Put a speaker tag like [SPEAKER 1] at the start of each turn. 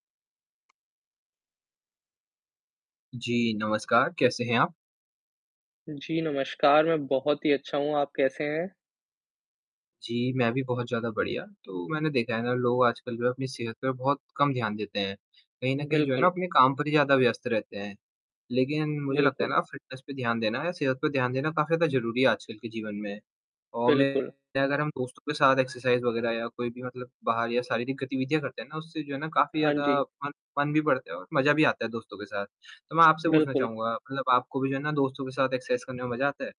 [SPEAKER 1] जी, नमस्कार। कैसे हैं आप?
[SPEAKER 2] जी, नमस्कार। मैं बहुत ही अच्छा हूँ, आप कैसे हैं?
[SPEAKER 1] जी, मैं भी बहुत ज़्यादा बढ़िया। तो मैंने देखा है ना लोग आजकल भी अपनी सेहत पे बहुत कम ध्यान देते हैं। कहीं न कहीं जो है
[SPEAKER 2] बिल्कुल।
[SPEAKER 1] ना, वो अपने काम पर ही ज़्यादा व्यस्त रहते हैं। लेकिन मुझे लगता है
[SPEAKER 2] बिल्कुल।
[SPEAKER 1] ना, अब फ़िटनेस पे ध्यान देना या सेहत पे ध्यान देना काफ़ी ज़्यादा ज़रूरी है आजकल के जीवन में। और मैं
[SPEAKER 2] बिल्कुल।
[SPEAKER 1] अगर हम दोस्तों के साथ एक्सरसाइज़ वगैरह या कोई भी मतलब बाहर या शारीरिक गतिविधियाँ करते हैं ना उससे जो है ना, काफ़ी
[SPEAKER 2] हाँ जी।
[SPEAKER 1] ज़्यादा फ़न फ़न भी बढ़ता है और मज़ा भी आता है दोस्तों के साथ। तो मैं आपसे पूछना
[SPEAKER 2] बिल्कुल।
[SPEAKER 1] चाहूँगा, मतलब आपको भी जो है ना, दोस्तों के साथ एक्सरसाइज़ करने में मज़ा आता है?